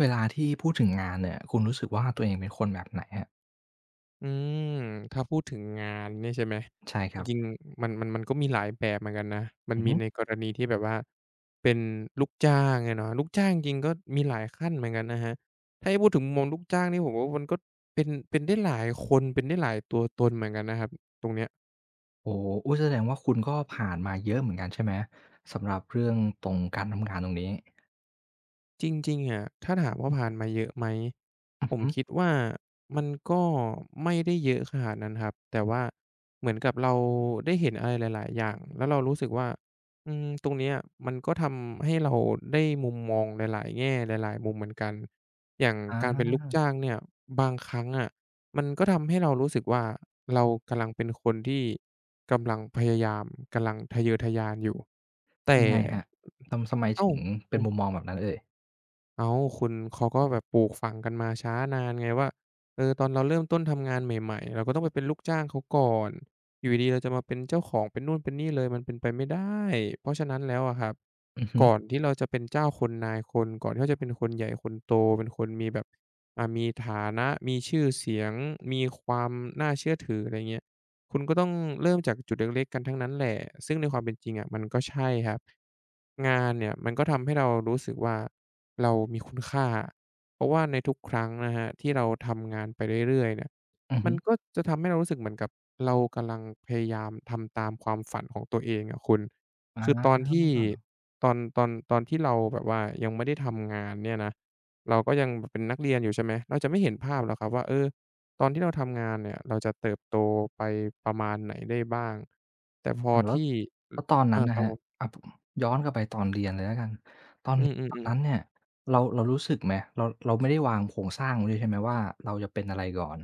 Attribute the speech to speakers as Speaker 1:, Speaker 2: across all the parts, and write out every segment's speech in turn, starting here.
Speaker 1: เวลาที่พูดถึงงานเนี่ย คุณรู้สึกว่าตัวเองเป็นคนแบบไหนครับ?
Speaker 2: อืม ถ้าพูดถึงงานนี่ใช่ไหม
Speaker 1: ใช่ค
Speaker 2: จ
Speaker 1: รับ
Speaker 2: ริง ๆ มัน มัน มันก็มีหลายแบบเหมือนกันนะ มั
Speaker 1: อ
Speaker 2: น
Speaker 1: ือ
Speaker 2: มี
Speaker 1: ฮึ
Speaker 2: ในกรณีที่แบบว่า เป็นลูกจ้างอะเนาะ ลูกจ้างจริง ๆ ก็มีหลายขั้นเหมือนกันนะครับ ให้พูดถึงมุมมองลูกจ้างนี่ ผมว่ามันก็เป็น เป็นได้หลายคน เป็นได้หลายตัวตนเหมือนกันนะครับ ตรงเนี้ย
Speaker 1: โอ้โฮ อุ๊ย! แสดงว่าคุณก็ผ่านมาเยอะเหมือนกันใช่ไหม? สำหรับเรื่องตรง การทำงานตรงนี้?
Speaker 2: จริง ๆ อะ ถ้าถามว่าผ่านมาเยอะไหม
Speaker 1: อือ
Speaker 2: ผม
Speaker 1: ฮึ
Speaker 2: คิดว่ามันก็ไม่ได้เยอะขนาดนั้นครับ แต่ว่าเหมือนกับเราได้เห็นอะไรหลาย ๆ อย่าง แล้วเรารู้สึกว่า อือ ตรงเนี้ยมันก็ทำให้เราได้มุมมองหลาย ๆ แง่ หลาย ๆ มุมเหมือนกัน อย่าง
Speaker 1: อ
Speaker 2: การเป็นลูก
Speaker 1: า
Speaker 2: จ้างเนี่ย บางครั้งอะมันก็ทำให้เรารู้สึกว่า เรากำลังเป็นคนที่กำลังพยายาม กำลังทะเยอทะยานอยู่ แต่
Speaker 1: ยังไงครับ? ทำ ทำไม
Speaker 2: อ
Speaker 1: ถ
Speaker 2: ้
Speaker 1: ึ
Speaker 2: า
Speaker 1: ง
Speaker 2: ว!
Speaker 1: เป
Speaker 2: อ
Speaker 1: ็
Speaker 2: ้
Speaker 1: น
Speaker 2: าว!
Speaker 1: มุมมองแบบนั้นเอ่ย?
Speaker 2: อ้าว คุณ เขาก็แบบปลูกฝังกันมาช้านานไงว่า เออ ตอนเราเริ่มต้นทำงานใหม่ ๆ เราก็ต้องไปเป็นลูกจ้างเขาก่อน อยู่ดี ๆ เราจะมาเป็นเจ้าของ เป็นนู่นเป็นนี่เลย มันเป็นไปไม่ได้ เพราะฉะนั้นแล้วอะครับ
Speaker 1: อือฮึ
Speaker 2: ก่อนที่เราจะเป็นเจ้าคนนายคน ก่อนที่เราจะเป็นคนใหญ่คนโต เป็นคนมีแบบ อะ มีฐานะ มีชื่อเสียง มีความน่าเชื่อถือ ไรอย่างเงี้ย คุณก็ต้องเริ่มจากจุดเล็ก ๆ กันทั้งนั้นแหละ ซึ่งในความเป็นจริงอะ มันก็ใช่ครับ งานเนี่ยมันก็ทำให้เรารู้สึกว่า เรามีคุณค่า เพราะว่าในทุกครั้งนะครับ ที่เราทำงานไปเรื่อย ๆ เนี่ย
Speaker 1: อือ
Speaker 2: ม
Speaker 1: ฮ
Speaker 2: ั
Speaker 1: ึ
Speaker 2: นก็จะทำให้เรารู้สึกเหมือนกับเรากำลังพยายามทำตามความฝันของตัวเองอะคุณ
Speaker 1: อ
Speaker 2: คือตอนที่
Speaker 1: า
Speaker 2: ตอน ตอน ตอนที่เราแบบว่ายังไม่ได้ทำงานเนี่ยนะ เราก็ยังเป็นนักเรียนอยู่ ใช่ไหม เราจะไม่เห็นภาพหรอกครับว่า เออ ตอนที่เราทำงานเนี่ย เราจะเติบโตไปประมาณไหนได้บ้าง แต่พ
Speaker 1: อ
Speaker 2: อ
Speaker 1: ืม แล้
Speaker 2: ท
Speaker 1: ว
Speaker 2: ี่
Speaker 1: แล้วตอนน
Speaker 2: อ อ
Speaker 1: ั้
Speaker 2: า
Speaker 1: นน่ะ
Speaker 2: ครั
Speaker 1: คร
Speaker 2: บ
Speaker 1: ับ
Speaker 2: ผม
Speaker 1: อะ ผ ย้อนกลับไปตอนเรียนเลยแล้วกัน ตอ
Speaker 2: อ
Speaker 1: น
Speaker 2: ื
Speaker 1: ตอน
Speaker 2: อ ๆ
Speaker 1: นั
Speaker 2: ๆ
Speaker 1: ้นเนี่ย เรา เรารู้สึกไหม? เรา เรา ไม่ได้วางโครงสร้างไว้ด้วยใช่ไหมว่า เราจะเป็นอะไรก่อน?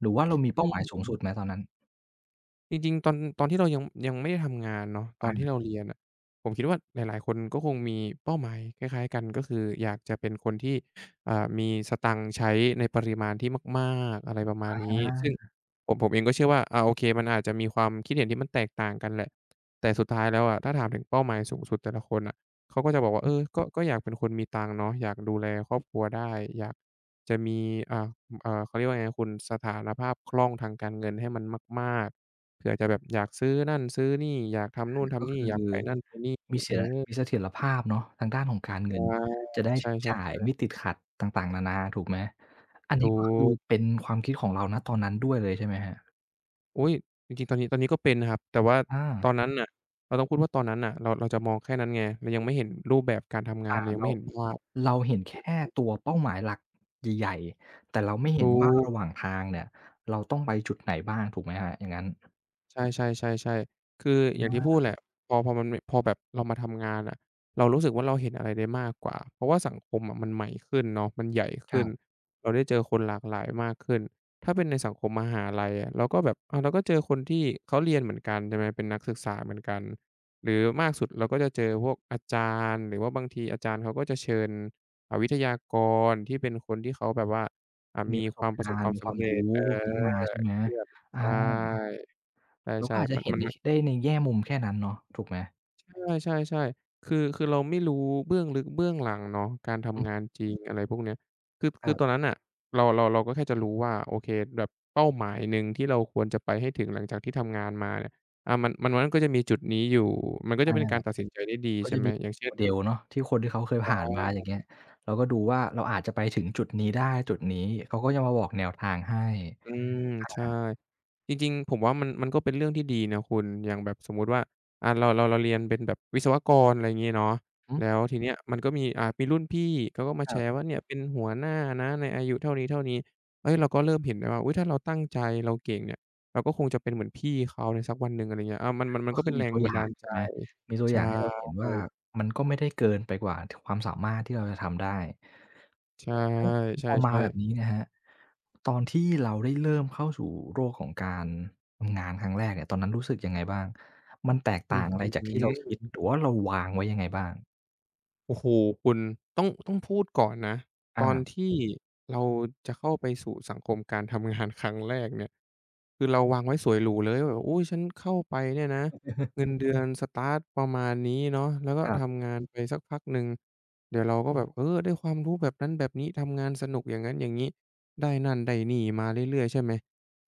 Speaker 1: หรือว่าเรา มีเ
Speaker 2: อ
Speaker 1: ป
Speaker 2: ื
Speaker 1: ้าหมายสูงสุ
Speaker 2: ม
Speaker 1: ดไหมตอนนั้น?
Speaker 2: จริง ๆ ตอน ตอนที่เรายัง ยังไม่ได้ทำงานเนาะ ตอ
Speaker 1: อ
Speaker 2: นที่
Speaker 1: า
Speaker 2: เราเรียน น่ะ ผมคิดว่าหลาย ๆ คนก็คงมีเป้าหมายคล้าย ๆ กัน ก็คืออยากจะเป็นคนที่ อ่า มีสตางค์ใช้ในปริมาณที่มาก ๆ อะไรประมา
Speaker 1: อ
Speaker 2: ณนี้ ซึ่ง
Speaker 1: า
Speaker 2: ผม ผมเองก็เชื่อว่า อา โอเค มันอาจจะมีความคิดเห็น ที่มันแตกต่างกันแหละ แต่สุดท้ายแล้วอะ ถ้าถามถึงเป้าหมายสูงสุดแต่ละคนน่ะ เขาก็จะบอกว่า
Speaker 1: ฮ
Speaker 2: เอ
Speaker 1: ึ
Speaker 2: อ ก็ ก็อยากเป็นคนมีตังค์เนาะ อยากดูแลครอบครัวได้ อยากจะมี อะ อ่า เขาเรียกว่าไงนะคุณ สถานภาพคล่องทางการเงินให้มันมาก ๆ เผื่อจะแบบอยากซื้อนั่นซื้อนี่ อยากท
Speaker 1: อ
Speaker 2: ำนู
Speaker 1: า
Speaker 2: ่นท
Speaker 1: ก็
Speaker 2: ำนี
Speaker 1: ค
Speaker 2: ่
Speaker 1: ื
Speaker 2: อย
Speaker 1: อ
Speaker 2: ากไปนั่นไปนี่
Speaker 1: มีเสีย
Speaker 2: [unintelligible]
Speaker 1: มีเสถียรภาพเนาะทางด้านของการเง
Speaker 2: อ
Speaker 1: ิ
Speaker 2: า
Speaker 1: น จะได้
Speaker 2: ใช
Speaker 1: ใช้
Speaker 2: ่
Speaker 1: จ่ายไม
Speaker 2: ๆ ๆ
Speaker 1: ่ติดขัดต่าง ๆ นานา ถูกไหม อัน
Speaker 2: ถ
Speaker 1: นี
Speaker 2: ู
Speaker 1: ้ก็คือ
Speaker 2: ก
Speaker 1: เป็นความคิดของเรา ณ ตอนนั้นด้วยเลยใช่ไหมครับ?
Speaker 2: อุ๊ย จริง ๆ ตอนนี้ ตอนนี้ก็เป็นครับ แต่ว่า
Speaker 1: อ
Speaker 2: ต
Speaker 1: า
Speaker 2: อนนั้นน่ะ เราต้องพูดว่าตอนนั้นน่ะ เรา เราจะมองแค่นั้นไง เรายังไม่เห็นรูปแบบการทำงา
Speaker 1: อ
Speaker 2: น
Speaker 1: ่า
Speaker 2: เรายัง
Speaker 1: เร
Speaker 2: ไม่
Speaker 1: า
Speaker 2: เห็นภาพ
Speaker 1: เราเห็นแค่
Speaker 2: อืม
Speaker 1: ตัวเป้าหมายหลักใหญ่ ๆ แต่เราไม่เ
Speaker 2: ถ
Speaker 1: ห็น
Speaker 2: ู
Speaker 1: ว่า
Speaker 2: ก
Speaker 1: ระหว่างทางเนี่ย เราต้องไปจุดไหนบ้าง ถูกไหมครับ อย่างงั้น?
Speaker 2: ใช่ ๆ ใช่ ๆ คืออย
Speaker 1: อ
Speaker 2: ่างที่พู
Speaker 1: า
Speaker 2: ดแหละ พอ พอมันมี พอแบบเรามาทำงานอะ เรารู้สึกว่า เราเห็นอะไรได้มากกว่า เพราะว่าสังคมอะมันใหม่ขึ้นเนาะ มันใหญ่ข
Speaker 1: ค
Speaker 2: ึ้
Speaker 1: รั
Speaker 2: น
Speaker 1: บ
Speaker 2: เราได้เจอคนหลากหลายมากขึ้น ถ้าเป็นในสังคมมหาลัยอะ เราก็แบบ อะ เราก็เจอคนที่เขาเรียนเหมือนกัน ใช่ไหม เป็นนักศึกษาเหมือนกัน หรือมากสุดเราก็จะเจอพวกอาจารย์ หรือว่าบางทีอาจารย์เขาก็จะเชิญ อะ วิทยากรที่เป็นคนที่เขาแบบว่า อะ
Speaker 1: ม
Speaker 2: ม
Speaker 1: ี
Speaker 2: ี
Speaker 1: ประ
Speaker 2: ค
Speaker 1: ส
Speaker 2: วา
Speaker 1: บ
Speaker 2: มป
Speaker 1: ก
Speaker 2: ระส
Speaker 1: า
Speaker 2: บ
Speaker 1: ร
Speaker 2: ค
Speaker 1: ณ
Speaker 2: ว
Speaker 1: ์
Speaker 2: าม
Speaker 1: มี
Speaker 2: ส
Speaker 1: คว
Speaker 2: ำ
Speaker 1: าม
Speaker 2: เร
Speaker 1: ร
Speaker 2: ็
Speaker 1: ู
Speaker 2: จ
Speaker 1: ้
Speaker 2: เอ
Speaker 1: พวกนี้มา
Speaker 2: อ
Speaker 1: ใช่ไหม?
Speaker 2: ที่แบบ
Speaker 1: อา
Speaker 2: ใช่
Speaker 1: เรา
Speaker 2: ใช
Speaker 1: ก
Speaker 2: ่
Speaker 1: ็อาจ
Speaker 2: ๆ
Speaker 1: จ
Speaker 2: ม
Speaker 1: ะ
Speaker 2: ะ
Speaker 1: เห็
Speaker 2: ม
Speaker 1: น
Speaker 2: ัน
Speaker 1: ได
Speaker 2: ม
Speaker 1: ้
Speaker 2: ัน
Speaker 1: ช ในแง่มุมแค่นั้นเนาะ ถูกไหม?
Speaker 2: ใช่ ใช่ ๆ คือ คือเราไม่รู้เบื้องลึกเบื้องหลังเนาะ การท
Speaker 1: อ
Speaker 2: ำ
Speaker 1: ึ
Speaker 2: งานจริง อะไรพวกเนี้ย คือ ค
Speaker 1: ค
Speaker 2: ื
Speaker 1: ร
Speaker 2: อ
Speaker 1: ับ
Speaker 2: ตอนนั้นน่ะ เรา เรา เราก็แค่จะรู้ว่า โอเค แบบเป้าหมายหนึ่งที่เราควรจะไปให้ถึงหลังจากที่ทำงานมาเนี่ย อะ มัน มันก็จะมีจุดนี้อยู่ มันก็
Speaker 1: อ
Speaker 2: จะ
Speaker 1: า
Speaker 2: เป็นการตัดสินใจได้ดี
Speaker 1: ก็
Speaker 2: ใช่
Speaker 1: จะ
Speaker 2: ไหม
Speaker 1: มี
Speaker 2: อย่างเช่น
Speaker 1: model เนาะที่คนที่เขาเคย
Speaker 2: ใช
Speaker 1: ผ่านมาอย่า
Speaker 2: ่
Speaker 1: งเงี้ย เราก็ดูว่าเราอาจจะไปถึงจุดนี้ได้ จุดนี้ เขาก็จะมาบอกแนวทางให้
Speaker 2: อืม
Speaker 1: อ
Speaker 2: ใช่
Speaker 1: า
Speaker 2: จริง ๆ ผมว่า มัน มันก็เป็นเรื่องที่ดีนะคุณ อย่างแบบสมมุติว่า อะ เรา เรา เราเรียนเป็นแบบวิศวกร อะไรอย่างงี้เนาะ
Speaker 1: อ
Speaker 2: แล้
Speaker 1: ึ
Speaker 2: วทีเนี้ยมันก็มี อ่า มีรุ่นพี่เขาก็มา
Speaker 1: ค
Speaker 2: แช
Speaker 1: รับ
Speaker 2: ร์ว่าเนี่ยเป็นหัวหน้านะในอายุเท่านี้ เท่านี้ เฮ้ย เราก็เริ่มเห็นแบบว่า อุ๊ย! ถ้าเราตั้งใจ เราเก่งเนี่ย เราก็คงจะเป็นเหมือนพี่เขาในสักวันหนึ่ง อะไรอย่างเงี้ย อา มัน มัน มั
Speaker 1: ก
Speaker 2: น
Speaker 1: ็
Speaker 2: ก็
Speaker 1: ค
Speaker 2: เ
Speaker 1: ื
Speaker 2: ป็
Speaker 1: อ
Speaker 2: นแ
Speaker 1: ม
Speaker 2: ร
Speaker 1: ี
Speaker 2: ง
Speaker 1: ตัว
Speaker 2: บั
Speaker 1: อย
Speaker 2: น
Speaker 1: ่
Speaker 2: ด
Speaker 1: า
Speaker 2: า
Speaker 1: ง
Speaker 2: ล
Speaker 1: ใ
Speaker 2: ใ
Speaker 1: ช
Speaker 2: จ
Speaker 1: ่ไหม มีตัว
Speaker 2: ใช
Speaker 1: อย
Speaker 2: ่
Speaker 1: ่างให้เราเห็นว่า มันก็ไม่ได้เกินไปกว่า ท ความสามารถที่เราจะทำได้
Speaker 2: ใช่
Speaker 1: อึ แล้
Speaker 2: ใ
Speaker 1: ว
Speaker 2: ช
Speaker 1: พอมา
Speaker 2: ่
Speaker 1: แบบ
Speaker 2: ๆ
Speaker 1: นี้นะครับ ตอนที่เราได้เริ่มเข้าสู่โลกของการทำงานครั้งแรกเนี่ย ตอนนั้นรู้สึกยังไงบ้าง? มันแตก
Speaker 2: อ
Speaker 1: ต
Speaker 2: ื
Speaker 1: ่
Speaker 2: อ
Speaker 1: างอะ
Speaker 2: อ
Speaker 1: ไ
Speaker 2: ื
Speaker 1: ร
Speaker 2: ้อ
Speaker 1: จา
Speaker 2: ฮ
Speaker 1: ก
Speaker 2: ื
Speaker 1: ที่เรา
Speaker 2: อ
Speaker 1: คิด
Speaker 2: อึ
Speaker 1: หรือว่าเราวางไว้ยังไงบ้าง?
Speaker 2: โอ้โฮ คุณ ต้อง ต้องพูดก่อนนะ ต
Speaker 1: อ
Speaker 2: อน
Speaker 1: า
Speaker 2: ที่ เราจะเข้าไปสู่สังคมการทำงานครั้งแรกเนี่ย คือเราวางไว้สวยหรูเลยว่า อุ๊ย ฉันเข้าไปเนี่ยนะ เงินเดือน สตาร์ตประมาณนี้เนาะ แล้วก็
Speaker 1: ครับ
Speaker 2: ทำงานไปสักพักหนึ่ง เดี๋ยวเราก็แบบ เออ ได้ความรู้แบบนั้นแบบนี้ ทำงานสนุกอย่างงั้นอย่างงี้ ได้นั่นได้นี่มาเรื่อย ๆ ใช่ไหม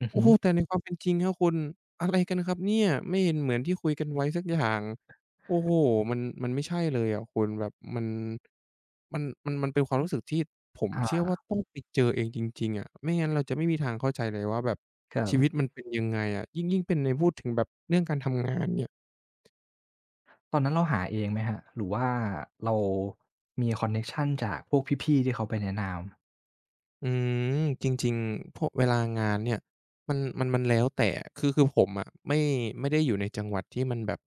Speaker 1: อือ
Speaker 2: โอ
Speaker 1: ฮ
Speaker 2: ้
Speaker 1: ึ
Speaker 2: โฮ แต่ในความ เป็นจริงเนี่ยคุณ อะไรกันครับเนี่ย ไม่เห็นเหมือนที่คุยกันไว้สักอย่าง โอ้โฮ มัน มันไม่ใช่เลยอะคุณ แบบมัน มัน มัน มันเป็นความรู้สึก ที่ผม
Speaker 1: อา
Speaker 2: เชื่อว่า ต้องไปเจอเองจริง ๆ อะ ไม่งั้นเราจะไม่มีทางเข้าใจเลยว่าแบบ
Speaker 1: ครั
Speaker 2: ช
Speaker 1: บ
Speaker 2: ีวิตมันเป็นยังไงอะ ยิ่ง ยิ่งเป็นในพูดถึงแบบเรื่องการทำงานเนี่ย
Speaker 1: ตอนนั้นเราหาเองไหมครับ หรือว่าเรามีคอนเน็กชันจากพวกพี่ ๆ ที่เขาไปในน้ำ
Speaker 2: อืม จริง ๆ พวกเวลางานเนี่ย มัน มัน มันแล้วแต่ คือ คือผมอะไม่ ไม่ได้อยู่ในจังหวัดที่มันแบบ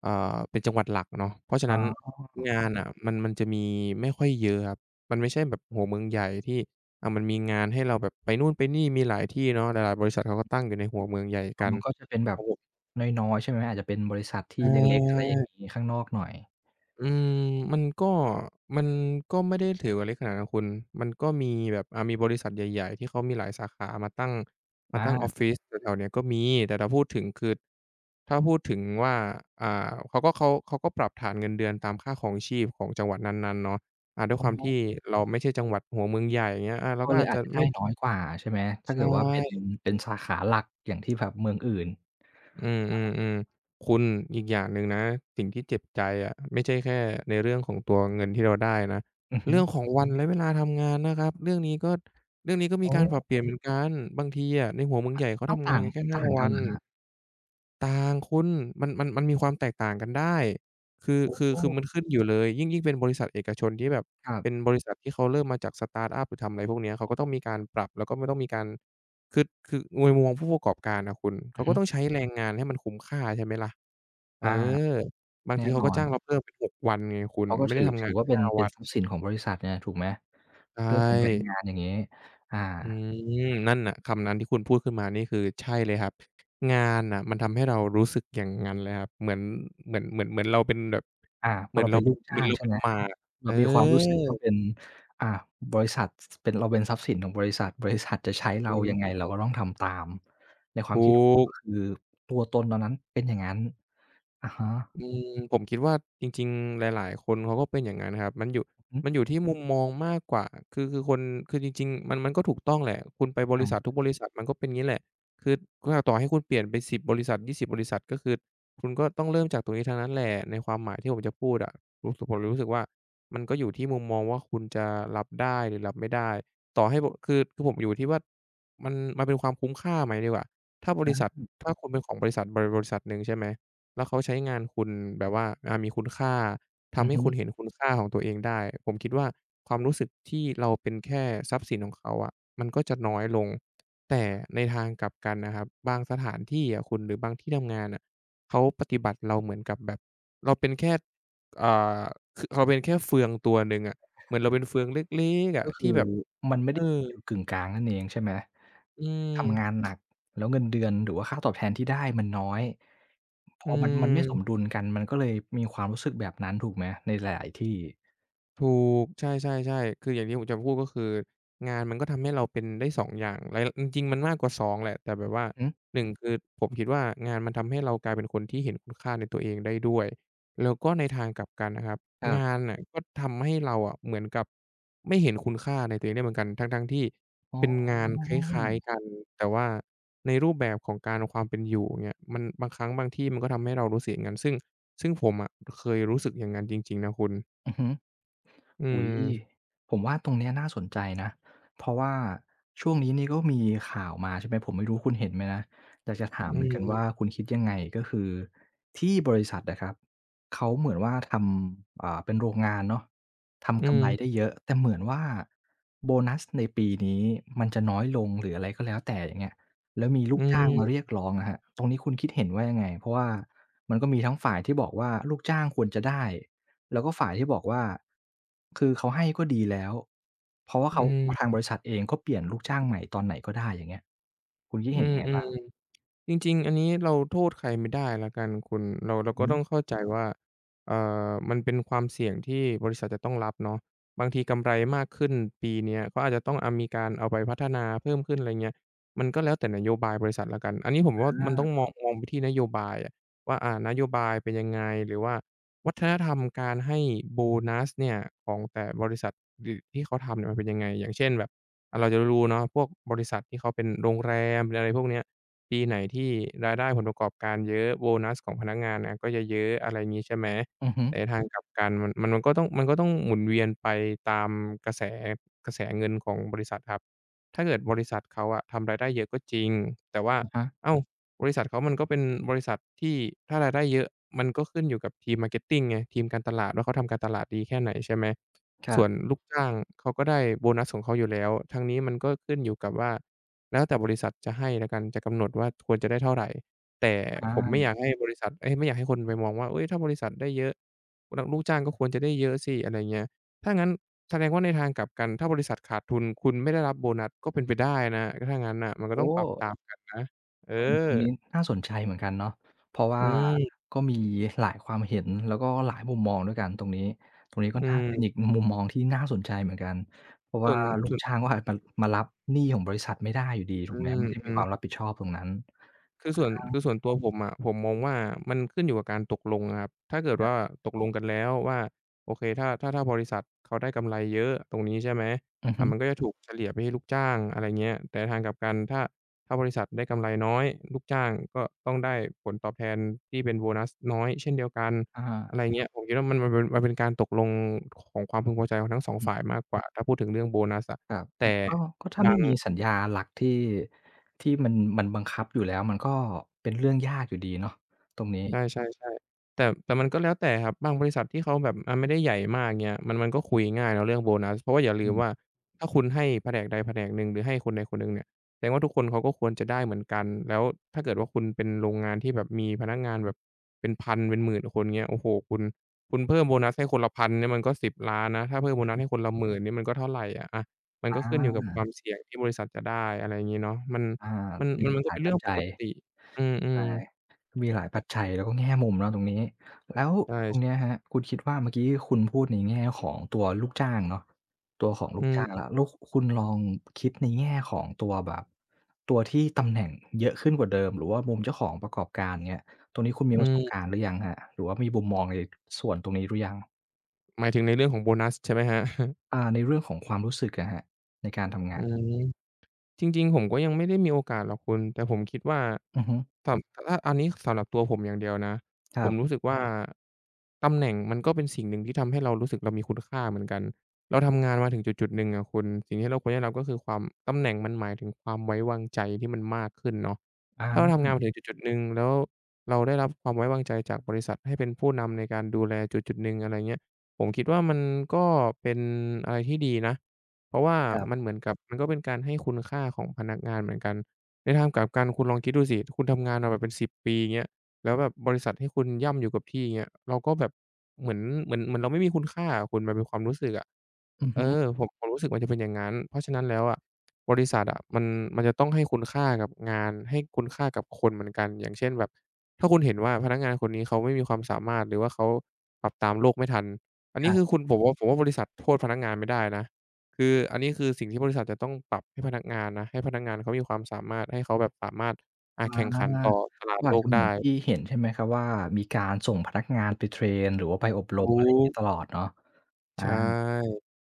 Speaker 2: เอ่อ เป็นจังหวัดหลักเนาะ เพราะฉะ
Speaker 1: อ๋
Speaker 2: นั้น ง
Speaker 1: อ
Speaker 2: านน่ะ มัน มันจะมีไม่ค่อยเยอะครับ มันไม่ใช่แบบหัวเมืองใหญ่ที่ อะ มันมีงานให้เราแบบไปนู่นไปนี่ มีหลายที่เนาะ หลาย ๆ บริษัทเขาก็ตั้งอยู่ในหัวเมืองใหญ่
Speaker 1: อ
Speaker 2: ก
Speaker 1: ้อ
Speaker 2: ัน
Speaker 1: มันก็จะเป็นแบ
Speaker 2: เข
Speaker 1: บ
Speaker 2: า
Speaker 1: น้อย ๆ ใช่ไหม อาจจะเป็นบริษัทที่
Speaker 2: อ
Speaker 1: เล็ก ๆ อะไรอย่าง
Speaker 2: า
Speaker 1: นี้ ข้างนอกหน่อย
Speaker 2: อืม มันก็ มันก็ไม่ได้ถือว่าเล็กขนาดนั้นคุณ มันก็มีแบบ อะ มีบริษัทใหญ่ ๆ ที่เขามีหลายสาขามาตั้ง มา
Speaker 1: อ
Speaker 2: ตั้งออ
Speaker 1: า
Speaker 2: ฟฟิศแถว ๆ นี้ก็มี แต่ถ้าพูดถึง คือ ถ้าพูดถึงว่า อ่า เขาก็ เขาปรับฐานเงินเดือนตามค่าครองชีพของจังหวัดนั้น ๆ เนาะ อ่า ด้ว
Speaker 1: อ
Speaker 2: ย
Speaker 1: ๋
Speaker 2: ความที
Speaker 1: อ
Speaker 2: ่เราไม่ใช่จังหวัดหัวเมืองใหญ่ อย่างเงี้ย อะ เรา
Speaker 1: ก็
Speaker 2: ก็
Speaker 1: เล
Speaker 2: อา
Speaker 1: ย
Speaker 2: จ
Speaker 1: อ
Speaker 2: จ
Speaker 1: า
Speaker 2: ะ
Speaker 1: จจะไ
Speaker 2: ไ
Speaker 1: ด
Speaker 2: ม่
Speaker 1: ้น้อย กว่า ใช่ไหม ถ้
Speaker 2: ใ
Speaker 1: า
Speaker 2: ช
Speaker 1: เกิดว่าเป็น
Speaker 2: ่
Speaker 1: เป็นสาขาหลักอย่างที่แบบเมืองอื่น
Speaker 2: อื
Speaker 1: อะฮะ
Speaker 2: ม ๆ ๆ คุณ อีกอย่างหนึ่งนะ สิ่งที่เจ็บใจอะ ไม่ใช่แค่ในเรื่องของตัวเงินที่เราได้นะ
Speaker 1: อือฮ
Speaker 2: เร
Speaker 1: ึ
Speaker 2: ื่องของวัน และเวลาทำงานนะครับ เรื่องนี้ก็ เรื่องนี้ก็ม
Speaker 1: โ
Speaker 2: ี
Speaker 1: อ
Speaker 2: การปรั
Speaker 1: ้
Speaker 2: บเปลี่ยน เหมือนกัน บางทีอะในหัวเมือ
Speaker 1: อ
Speaker 2: งใ
Speaker 1: ะ
Speaker 2: หญ่เขา
Speaker 1: อ้
Speaker 2: ท
Speaker 1: าว
Speaker 2: ำ
Speaker 1: ต
Speaker 2: งา
Speaker 1: ่า
Speaker 2: น
Speaker 1: ง
Speaker 2: กันแค่ ห้
Speaker 1: ต
Speaker 2: า
Speaker 1: ่างก
Speaker 2: ว
Speaker 1: ัน
Speaker 2: ั
Speaker 1: เ
Speaker 2: น
Speaker 1: หรอครับ?
Speaker 2: ต่างคุณ มัน มัน มันมีความแตกต่างกันได้ คือ
Speaker 1: โอ้
Speaker 2: คือ
Speaker 1: โ
Speaker 2: คือ
Speaker 1: ฮ
Speaker 2: มันขึ้นอยู่เลย ยิ่ง ยิ่งเป็นบริษัทเอกชน ที่แบบ
Speaker 1: ครับ
Speaker 2: เป็นบริษัท ที่เขาเริ่มมาจากสตาร์ตอัป หรือทำอะไรพวกเนี้ย เขาก็ต้องมีการปรับแล้วก็ไม่ต้องมีการ คือ คือโดยร่วมผู้ประกอบการอะคุณ เข
Speaker 1: อื
Speaker 2: า
Speaker 1: อ
Speaker 2: ก
Speaker 1: ฮ
Speaker 2: ็
Speaker 1: ึ
Speaker 2: ต้องใช้แรงงานให้มันคุ้มค่า ใช่ไหมล่ะ เอ
Speaker 1: อ
Speaker 2: อ
Speaker 1: า
Speaker 2: บาง
Speaker 1: แน่
Speaker 2: ทีเขา
Speaker 1: น
Speaker 2: ก็
Speaker 1: อ
Speaker 2: จ้า
Speaker 1: น
Speaker 2: งเราเพิ่มเป็น 6 วันไงคุณ
Speaker 1: เขาก็
Speaker 2: ไม่
Speaker 1: ถ
Speaker 2: ได้
Speaker 1: ือ
Speaker 2: ทำ
Speaker 1: ถ
Speaker 2: งา
Speaker 1: ื
Speaker 2: น
Speaker 1: อ
Speaker 2: แ
Speaker 1: ว
Speaker 2: ค
Speaker 1: ่า
Speaker 2: ่
Speaker 1: เป็
Speaker 2: ห
Speaker 1: น
Speaker 2: ้า วัน
Speaker 1: ทรัพย์สินของบริษัทเนี่ยถูกไหม?
Speaker 2: ใช
Speaker 1: เรื่องของแรง
Speaker 2: ่
Speaker 1: งานอย่างนี้ อา
Speaker 2: อืม นั่นน่ะ คำนั้นที่คุณพูดขึ้นมานี่ คือใช่เลยครับ งานน่ะ มันทำให้เรารู้สึกอย่างงั้นเลยครับ เหมือน เหมือน เหมือน เหมือนเราเป็นแบบ
Speaker 1: อา พ
Speaker 2: เหม
Speaker 1: อ
Speaker 2: ือ
Speaker 1: เ
Speaker 2: น
Speaker 1: รา
Speaker 2: เ
Speaker 1: เ
Speaker 2: ร
Speaker 1: ป
Speaker 2: า
Speaker 1: ็น
Speaker 2: เ
Speaker 1: ล
Speaker 2: ป็
Speaker 1: ู
Speaker 2: น
Speaker 1: กจ
Speaker 2: เห
Speaker 1: ้
Speaker 2: มือ
Speaker 1: า
Speaker 2: น
Speaker 1: ง
Speaker 2: เรา
Speaker 1: ใช่
Speaker 2: เป็
Speaker 1: ไ
Speaker 2: น
Speaker 1: หม
Speaker 2: หมาก
Speaker 1: เ
Speaker 2: เอ
Speaker 1: รามีความรู้สึกว่า
Speaker 2: อ
Speaker 1: เป็น อ่า บริษัท ส ส เราเป็นทรัพย์สินของบริษัท บริษัทจะใช้เ
Speaker 2: อ
Speaker 1: ร
Speaker 2: ื
Speaker 1: า
Speaker 2: อ
Speaker 1: ยัง
Speaker 2: ฮ
Speaker 1: ไง?
Speaker 2: ึ
Speaker 1: เราก็ต้องทำตาม ในค
Speaker 2: ถ
Speaker 1: วาม
Speaker 2: ู
Speaker 1: คิดของ
Speaker 2: ก
Speaker 1: คุณ คือตัวตนตอนนั้นเป็นอย่างงั้น อะฮะ
Speaker 2: อืม ผมคิดว่า จริง ๆ หลาย ๆ คนเขาก็เป็นอย่างนั้นนะครับ มันอยู่
Speaker 1: อือฮึ
Speaker 2: มันอยู่ที่มุมมองมากกว่า คือ คือคน คือจริง ๆ มัน มันก็ถูกต้องแหละ คุณไปบ
Speaker 1: ใช
Speaker 2: ริษั
Speaker 1: ่
Speaker 2: ททุกบริษัท มันก็เป็นงี้แหละ คือ ต่อให้คุณเปลี่ยนไป 10 บริษัท 20 บริษัท ก็คือคุณก็ต้องเริ่มจากตรงนี้ทั้งนั้นแหละ ในความหมายที่ผมจะพูดอะ รู้สึก ผมเลยรู้สึกว่า มันก็อยู่ที่มุมมองว่า คุณจะรับได้หรือรับไม่ได้ ต่อให้ผม คือผมอยู่ที่ว่า มัน มันเป็นความคุ้มค่าไหมดีกว่า ถ้าบ
Speaker 1: อ
Speaker 2: ร
Speaker 1: ื
Speaker 2: ิษัท
Speaker 1: ม
Speaker 2: ถ้าคุณเป็นของบริษัทใดบริษัทหนึ่ง ใช่ไหม แล้วเขาใช้งานคุณแบบว่า อ่า มีคุณค่า ท
Speaker 1: อื
Speaker 2: ำใ
Speaker 1: อ
Speaker 2: ห้
Speaker 1: ฮึ
Speaker 2: คุณเห็นคุณค่าของตัวเองได้ ผมคิดว่า ความรู้สึกที่เราเป็นแค่ทรัพย์สินของเขาอะ มันก็จะน้อยลง แต่ในทางกลับกันนะครับ บางสถานที่อะคุณ หรือบางที่ทำงานน่ะ เขาปฏิบัติเราเหมือนกับแบบเราเป็นแค่ อ่า คือเราเป็นแค่เฟืองตัวหนึ่งอะ เหมือนเราเป็นเฟืองเล็ก ๆ อ
Speaker 1: ก
Speaker 2: ะ
Speaker 1: ็ค
Speaker 2: ที
Speaker 1: ื
Speaker 2: ่
Speaker 1: อ
Speaker 2: แบบ
Speaker 1: มันไม่ไ
Speaker 2: เ
Speaker 1: ด
Speaker 2: อ
Speaker 1: ้อยู
Speaker 2: อ
Speaker 1: ่จุดกึ่งกลางนั่นเอง ใช่ไหม
Speaker 2: อื
Speaker 1: ทำง
Speaker 2: ม
Speaker 1: านหนัก แล้วเงินเดือน หรือว่าค่าตอบแทนที่ได้มันน้อย พ
Speaker 2: อ
Speaker 1: อมัน มันไม่ส
Speaker 2: ืม
Speaker 1: มดุลกัน มันก็เลยมีความรู้สึกแบบนั้นถูกไหม? ในหลาย ๆ ที่
Speaker 2: ถูก ใช่ ๆ ๆ คืออย่างที่ผมจะพูด ก็คืองานมันก็ทำให้เราเป็นได้ 2 อย่าง หลาย จริง ๆ มันมากกว่า 2 แหละ แต่แบบว่า
Speaker 1: อือฮึ
Speaker 2: 1 คือ ผมคิดว่า งานมันทำให้เรากลายเป็นคนที่เห็นคุณค่าในตัวเองได้ด้วย แล้วก็ในทางกลับกันนะครับ
Speaker 1: ครั
Speaker 2: งา
Speaker 1: บ
Speaker 2: นน่ะก็ทำให้เราอะ เหมือนกับไม่เห็นคุณค่าในตัวเองได้เหมือนกัน ทั้ง ๆ ที่
Speaker 1: อ๋
Speaker 2: เป็น งานคล้าย
Speaker 1: อ
Speaker 2: ๆ กัน แต่ว่าในรูปแบบของการ ความเป็นอยู่เนี่ย มันบางครั้งบางที่ มันก็ทำให้เรารู้สึกอย่างงั้น ซึ่ง ซึ่งผมอะเคยรู้สึกอย่างนั้นจริง ๆ นะคุณ
Speaker 1: อือฮึ
Speaker 2: อื
Speaker 1: อุ๊ย
Speaker 2: ม
Speaker 1: ผมว่าตรงนี้น่าสนใจนะ เพราะว่าช่วงนี้นี่ก็มีข่าวมา ใช่ไหม ผมไม่รู้คุณเห็นไหมนะ อยากจะถา
Speaker 2: อื
Speaker 1: มเหมือนกันว่
Speaker 2: ม
Speaker 1: า คุณคิดยังไง? ก็คือที่บริษัทอะครับ เขาเหมือนว่าทำ อ่า เป็นโรงงานเนาะ ท
Speaker 2: อื
Speaker 1: ำกำไร
Speaker 2: ม
Speaker 1: ได้เยอะ แต่เหมือนว่าโบนัสในปีนี้มันจะน้อยลง หรืออะไรก็แล้วแต่ อย่างเงี้ย แล้วมีล
Speaker 2: อ
Speaker 1: ู
Speaker 2: ื
Speaker 1: กจ้างมาเรียก
Speaker 2: ม
Speaker 1: ร้องอะครับ ตรงนี้คุณคิดเห็นว่ายังไง? เพราะว่ามันก็มีทั้งฝ่ายที่บอกว่าลูกจ้างควรจะได้ แล้วก็ฝ่ายที่บอกว่า คือเขาให้ก็ดีแล้ว เพราะว่า
Speaker 2: อ
Speaker 1: เข
Speaker 2: ื
Speaker 1: า ทางบ
Speaker 2: ม
Speaker 1: ริษัทเอง ก็เปลี่ยนลูกจ้างใหม่ตอนไหนก็ได้ อย่างเงี้ย คุณคิด
Speaker 2: อื
Speaker 1: เห็นยังไงบ้า
Speaker 2: ม
Speaker 1: ง?
Speaker 2: ๆ จริง ๆ อันนี้เราโทษใครไม่ได้แล้วกันคุณ เรา เรา
Speaker 1: อื
Speaker 2: ก็
Speaker 1: อฮ
Speaker 2: ต้
Speaker 1: ึ
Speaker 2: องเข้าใจว่า เอ่อ มันเป็นความเสี่ยงที่บริษัทจะต้องรับเนาะ บางทีกำไรมากขึ้นปีนี้ ก็อาจจะต้อง อะ มีการเอาไปพัฒนาเพิ่มขึ้น อะไรอย่างเงี้ย มันก็แล้วแต่นโยบายบริษัทแล้วกัน อันนี้ผมว่า
Speaker 1: อ
Speaker 2: มันต้อ
Speaker 1: า
Speaker 2: งมอง มองไปที่นโยบายแหละว่า อ่า นโยบายเป็นยังไง? หรือว่าวัฒนธรรมการให้โบนัสเนี่ย ของแต่บริษัท หรือที่เขาทำเนี่ยมันเป็นยังไง? อย่างเช่นแบบ อะ เราจะรู้เนาะ พวกบริษัทที่เขาเป็นโรงแรมเป็น อะไรพวกนี้ ปีไหนที่รายได้ผลประกอบการเยอะ โบนัสของพนักงานอะก็จะเยอะ อะไรงี้ใช่ไหม
Speaker 1: อือฮึ
Speaker 2: แต่ในทางกลับ กัน ม มันก็ต้อง มันก็ต้องหมุนเวียนไปตามกระแส กระแสเงินของบริษัทครับ ถ้าเกิดบริษัทเขาอะทำรายได้เยอะก็จริง แต่ว่า
Speaker 1: อะฮะ
Speaker 2: อ้าว บริษัทเขามันก็เป็นบริษัท ที่ถ้ารายได้เยอะ มันก็ขึ้นอยู่กับทีม Marketing ไง ทีมการตลาดว่าเขาทำการตลาดดีแค่ไหน? ใช่ไหม
Speaker 1: คร
Speaker 2: ส
Speaker 1: ั
Speaker 2: ่
Speaker 1: บ
Speaker 2: วนลูกจ้างเขาก็ได้โบนัสของเขาอยู่แล้ว ทั้งนี้มันก็ขึ้นอยู่กับว่าแล้วแต่บริษัทจะให้แล้วกัน จะกำหนดว่าควรจะได้เท่าไร แต่
Speaker 1: อ
Speaker 2: ผมไม่อย
Speaker 1: า
Speaker 2: ากให้บริษัท เอ๊ย ไม่อยากให้คนไปมองว่า เฮ้ย ถ้าบริษัทได้เยอะ ล ลูกจ้างก็ควรจะได้เยอะสิ อะไรอย่างเงี้ย ถ้างั้นแสดงว่า ในทางกลับกัน ถ้าบริษัทขาดทุน คุณไม่ได้รับโบนัส ก็เป็นไปได้นะ ถ้างั้นน่ะ มันก
Speaker 1: โ
Speaker 2: ็
Speaker 1: อ
Speaker 2: ต้องปรับ
Speaker 1: ้
Speaker 2: ตามกันนะ เอ
Speaker 1: ตรง ต
Speaker 2: อ
Speaker 1: รงนี้น่าสนใจเหมือนกันเนาะ เพราะว
Speaker 2: อ
Speaker 1: ่
Speaker 2: ื
Speaker 1: า
Speaker 2: ม
Speaker 1: ก็มีหลายความเห็น แล้วก็หลายมุมมองด้วยกันตรงนี้ ตรงนี้ค่
Speaker 2: อ
Speaker 1: อ
Speaker 2: ื
Speaker 1: นข้างเป็
Speaker 2: ม
Speaker 1: นอีกมุมมองที่น่าสนใจเหมือนกัน เพราะ
Speaker 2: ส
Speaker 1: ว
Speaker 2: ่
Speaker 1: ่า
Speaker 2: วน
Speaker 1: ลู
Speaker 2: ส
Speaker 1: ก
Speaker 2: ่วน
Speaker 1: จ้าง ม มารับหนี้ของบริษัทไม่ได้อยู่ดี ถ
Speaker 2: อ
Speaker 1: ู
Speaker 2: ื
Speaker 1: กไหม ไม่ได้มีค
Speaker 2: ม
Speaker 1: วา
Speaker 2: ๆ
Speaker 1: มรับผิดชอบตรงนั้น อ
Speaker 2: คือส
Speaker 1: ื
Speaker 2: ่
Speaker 1: อ
Speaker 2: วน
Speaker 1: ฮ
Speaker 2: ค
Speaker 1: ึ
Speaker 2: ือส่วนตัวผมอะ ผมมองว่า มันขึ้นอยู่กับการตกลงอะครับ ถ้าเกิด
Speaker 1: ค
Speaker 2: ว
Speaker 1: รับ
Speaker 2: ่าตกลงกันแล้วว่า โอเค ถ้า ถ้า ถ้าบริษัทเขาได้กำไรเยอะตรงนี้ ใช่ไหม
Speaker 1: อือ
Speaker 2: อ
Speaker 1: ฮ
Speaker 2: ่า
Speaker 1: ึ
Speaker 2: มันก็จะถูกเฉลี่ยไปให้ลูกจ้าง อะไรอย่างเงี้ย แต่ทางกลับกัน ถ้า ถ้าบริษัทได้กำไรน้อย ลูกจ้างก็ต้องได้ผลตอบแทน ที่เป็นโบนัสน้อยเช่นเดียวกัน
Speaker 1: อะฮะ
Speaker 2: อะไรอย่างเงี้ย ผมคิดว่ามัน มัน มันเป็นการตกลงของความพึงพอใจของทั้ง 2
Speaker 1: อ
Speaker 2: ฝ
Speaker 1: ืม
Speaker 2: ่ายมากกว่า ถ้าพูดถึงเรื่องโบนัสอะ
Speaker 1: ครับ
Speaker 2: แต
Speaker 1: อื
Speaker 2: ่
Speaker 1: อ ก็ ก็ถ้า
Speaker 2: บ
Speaker 1: ไม
Speaker 2: า
Speaker 1: ่
Speaker 2: ง
Speaker 1: มีสัญญาหลักที่ ที่มัน มันบังคับอยู่แล้ว มันก็เป็นเรื่องยากอยู่ดีเนาะ ตรงนี้
Speaker 2: ใช่ ๆ ๆ แต่ แต่มันก็แล้วแต่ครับ บางบริษัทที่เขาแบบ อ่า ไม่ได้ใหญ่มาก เงี้ย มัน มันก็คุยง่ายแล้วเรื่องโบนัส เพราะว่าอย่าล
Speaker 1: อ
Speaker 2: ื
Speaker 1: ื
Speaker 2: ม
Speaker 1: ม
Speaker 2: ว่า ถ้าคุณให้แผนกใดแผนกหนึ่ง หรือให้คนใดคนหนึ่งเนี่ย แสดงว่าทุกคนเขาก็ควรจะได้เหมือนกัน แล้วถ้าเกิดว่า คุณเป็นโรงงานที่แบบมีพนักงานแบบเป็น 1000 เป็น 10,000 คนเงี้ย โอ้โฮ คุณ คุณเพิ่มโบนัสให้คนละ 1,000 เนี่ยมันก็ 10,000,000 นะ ถ้าเพิ่มโบนัสให้คนละ 10,000 นี่มันก็เท่าไรอะ อะ มัน
Speaker 1: อ
Speaker 2: ก็ขึ้นอยู่กับค
Speaker 1: า
Speaker 2: วามเสี่ยงที่บริษัทจะได้ อะไรอย่างงี้เนาะ มัน
Speaker 1: อา
Speaker 2: มัน
Speaker 1: ตรงนี้
Speaker 2: ม
Speaker 1: ม
Speaker 2: ั
Speaker 1: ั
Speaker 2: น
Speaker 1: น
Speaker 2: ก
Speaker 1: ห
Speaker 2: ็
Speaker 1: ล
Speaker 2: เ
Speaker 1: า
Speaker 2: ป็
Speaker 1: ย
Speaker 2: นเ
Speaker 1: ป
Speaker 2: รื
Speaker 1: ั
Speaker 2: ่
Speaker 1: จ
Speaker 2: อง
Speaker 1: จ
Speaker 2: ป
Speaker 1: ั
Speaker 2: ก
Speaker 1: ย
Speaker 2: ติ อื
Speaker 1: ใช่
Speaker 2: ม
Speaker 1: มีหลาย
Speaker 2: ๆ แต
Speaker 1: ปั
Speaker 2: ่
Speaker 1: จจัย แล้วแง่มุมเนาะตรงนี้ แล้ว
Speaker 2: ใช่
Speaker 1: ตรงเนี้ย
Speaker 2: ๆ
Speaker 1: ครับคุณคิดว่า เมื่อกี้คุณพูดในแง่ของตัวลูกจ้างเนาะ ตัวของล
Speaker 2: อ
Speaker 1: ู
Speaker 2: ื
Speaker 1: กจ้างแ
Speaker 2: ม
Speaker 1: ล้ว แล้วคุณลองคิดในแง่ของตัวแบบ ตัวที่ตำแหน่งเยอะขึ้นกว่าเดิม หรือว่ามุมเจ้าของประกอบการ อย่างเงี้ย ตรงนี้คุณมี
Speaker 2: อื
Speaker 1: ประสบ
Speaker 2: ม
Speaker 1: การณ์หรือยังครับ หรือว่ามีมุมมองในส่วนตรงนี้หรือยัง?
Speaker 2: หมายถึงในเรื่องของโบนัสใช่ไหมครับ?
Speaker 1: อ่า ในเรื่องของความรู้สึกอะครับ ในการทำง
Speaker 2: อื
Speaker 1: าน
Speaker 2: ม จริง ๆ ผมก็ยังไม่ได้มีโอกาสหรอกคุณ แต่ผมคิดว่า
Speaker 1: อือฮึ
Speaker 2: ตอบ อะ อันนี้สำหรับตัวผมอย่างเดียวนะ
Speaker 1: ค
Speaker 2: ผ
Speaker 1: รั
Speaker 2: ม
Speaker 1: บ
Speaker 2: รู้สึกว่า ตำแหน่งมัน ก็เป็นสิ่งหนึ่งที่ทำให้เรารู้สึกเรามีคุณค่าเหมือนกัน เราทำงานมาถึงจุด ๆ หนึ่งอะคุณ สิ่งที่เราควรได้รับก็คือความ ตำแหน่งมันหมายถึงความไว้วาง ใจที่มันมากขึ้นเนาะ
Speaker 1: อ๋อ
Speaker 2: ถ้าเราท
Speaker 1: อ
Speaker 2: ำ
Speaker 1: ื
Speaker 2: งาน
Speaker 1: ม
Speaker 2: มาถึงจุด ๆ หนึ่ง แล้วเราได้รับ ความไว้วางใจจากบริษัทให้เป็นผู้นำในการดูแลจุด ๆ หนึ่ง อะไรเงี้ย ผมคิดว่ามันก็เป็นอะไรที่ดีนะ เพราะว่า
Speaker 1: ครับ
Speaker 2: มันเหมือนกับ มันก็เป็นการให้คุณค่าของพนักงานเหมือนกัน ในทางกลับกันคุณลองคิดดูสิ ถ้าคุณทำงานมาแบบเป็น 10 ปีเงี้ย แล้วแบบบริษัทให้คุณย่ำอยู่กับ ที่เงี้ย เราก็แบบเหมือน เหมือน เหมือนเราไม่มีคุณค่า อะคุณ มันเป็นความรู้สึกอะ
Speaker 1: อือ
Speaker 2: เ
Speaker 1: ฮ
Speaker 2: อ
Speaker 1: ึ
Speaker 2: อ ผม ผมรู้สึกมันจะเป็นอย่างงั้น เพราะฉะนั้นแล้วอะ บริษัทอะมัน มันจะต้องให้คุณค่ากับงาน ให้คุณค่ากับคนเหมือนกันอย่างเช่น แบบ ถ้าคุณเห็นว่า พนักงานคนนี้เขาไม่มีความสามารถ หรือว่าเขาปรับตามโลกไม่ทัน อันน
Speaker 1: ค
Speaker 2: ี้
Speaker 1: รั
Speaker 2: ค
Speaker 1: บ
Speaker 2: ือคุณบอกว่า ผมว่า บริษัทโทษพนักงานไม่ได้นะ คือ อันนี้คือ สิ่งที่บริษัทจะต้องปรับให้พนักงานนะ ให้พนักงานเขามีความสามารถ ให้เขาแบบสามารถ อ่
Speaker 1: อ
Speaker 2: า
Speaker 1: า
Speaker 2: แข่งขันต่อ ตลา
Speaker 1: ก
Speaker 2: ด
Speaker 1: ็อ
Speaker 2: โล
Speaker 1: าจจ
Speaker 2: ก
Speaker 1: ะเ
Speaker 2: ไ
Speaker 1: หม
Speaker 2: ด
Speaker 1: ือนท
Speaker 2: ้
Speaker 1: ี่เห็น ใช่ไหมครับว่า มีการส่งพนักงานไปเทรน หรือว่าไปอบร
Speaker 2: ถ
Speaker 1: ม อ
Speaker 2: ู
Speaker 1: ะไรอย่างงี
Speaker 2: ก
Speaker 1: ้ ตลอดเนาะ อ
Speaker 2: ใช่
Speaker 1: า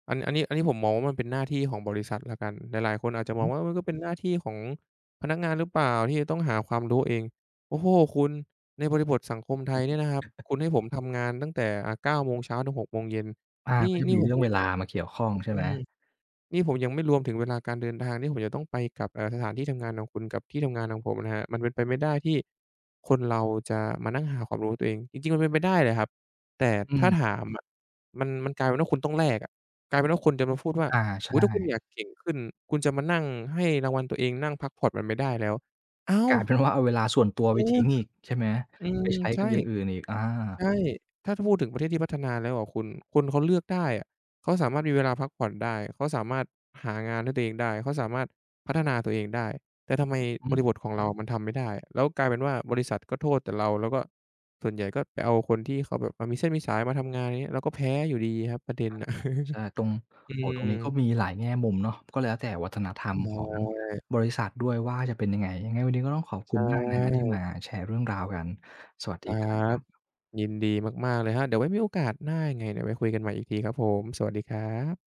Speaker 2: อัน อันนี้ อันนี้ผมมองว่ามันเป็นหน้าที่ของบริษัทแล้วกัน หลาย ๆ คนอา
Speaker 1: อ
Speaker 2: จ
Speaker 1: ือ
Speaker 2: จะม
Speaker 1: ฮ
Speaker 2: อง
Speaker 1: ึ
Speaker 2: ว่า เออ มันก็เป็น หน้าที่ของพนักงานหรือเปล่าที่จะต้องหาความรู้เอง โอ้โฮ! คุณ ในบริบทสังคมไทยเนี่ยนะครับ คุณให้ผมทำงานตั้งแต่ อะ 9 โมงเช้าถึง 6 โมงเย็น
Speaker 1: อา
Speaker 2: นี่
Speaker 1: ก็จะ
Speaker 2: นี่
Speaker 1: มี
Speaker 2: ผ
Speaker 1: เร
Speaker 2: ม
Speaker 1: ื่องเ
Speaker 2: ย
Speaker 1: ว
Speaker 2: ัง
Speaker 1: ลา มาเกี่ยวข้องใช่
Speaker 2: อื
Speaker 1: ไหม?
Speaker 2: อ นี่ผมยังไม่รวมถึงเวลาการเดินทางที่ผมจะต้องไปกลับ อ่า สถานที่ทำงานน่ะคุณ กับที่ทำงานของผมนะครับ มันเป็นไปไม่ได้ที่คนเราจะมานั่งหาความรู้ด้วยตัวเอง จริง ๆ มันเป็นไปได้แหละครับ แต่
Speaker 1: อื
Speaker 2: ถ้า
Speaker 1: ม
Speaker 2: ถามอะ มัน มันกลายเป็นว่าคุณต้องแลกอะ กลายเป็นว่าคนจะมาพูดว่า
Speaker 1: อา ใช
Speaker 2: "อุ๊ย ถ้าคุณ
Speaker 1: ่
Speaker 2: อยากเก่งขึ้น คุณจะมานั่งให้รางวัลตัวเอง นั่งพักผ่อนมันไม่ได้แล้ว" อ้าว!
Speaker 1: กลายเป็นว่าเอาเวลาส่วนตัว
Speaker 2: เอ
Speaker 1: ไปท
Speaker 2: อ
Speaker 1: ิ้งอีก ใช่ไหม
Speaker 2: อืม
Speaker 1: ไปใช้
Speaker 2: ใช
Speaker 1: ก
Speaker 2: ่
Speaker 1: ับอย่างอื่นอีก อา
Speaker 2: ใช่ ถ้า ถ้าพูดถึงประเทศที่พัฒนาแล้วอะคุณ คนเขาเลือกได้อะ เขาสามารถมีเวลาพักผ่อนได้ เขาสามารถหางานให้ตัวเองได้ เขาสามารถพัฒนาตัวเองได้ แต่ทำไม
Speaker 1: อือฮ
Speaker 2: บ
Speaker 1: ึ
Speaker 2: ริบทของเรามันทำไม่ได้ แล้วกลายเป็นว่าบริษัทก็โทษแต่เรา แล้วก็ส่วนใหญ่ก็ไปเอาคนที่เขาแบบ อะ มีเส้นมีสายมาทำงาน ไรเงี้ย เราก็แพ้อยู่ดีครับ ประเด็น
Speaker 1: อา
Speaker 2: น่ะ
Speaker 1: ใช่ ตรง
Speaker 2: อื
Speaker 1: โอ้โฮ ตรงนี้ก
Speaker 2: ม
Speaker 1: ็มีหลายแง่มุมเนาะ ก็แล้วแต่ วัฒนธรร
Speaker 2: อ
Speaker 1: มของ
Speaker 2: ืม
Speaker 1: บริษัทด้วยว่า จะเป็นยังไง ยังไงวันนี้ ก็ต้องขอบ
Speaker 2: ใ
Speaker 1: ค
Speaker 2: ช
Speaker 1: ุณ
Speaker 2: ่
Speaker 1: มากนะครับ ที่มาแชร์เรื่องราวกัน สวัส
Speaker 2: ค
Speaker 1: ดี
Speaker 2: รั
Speaker 1: ครั
Speaker 2: บ
Speaker 1: บ
Speaker 2: ยินดีมาก ๆ เลยครับ เดี๋ยวไว้มีโอกาสหน้ายังไง เดี๋ยวไว้คุยกันใหม่อีกทีครับผม สวัสดีครับ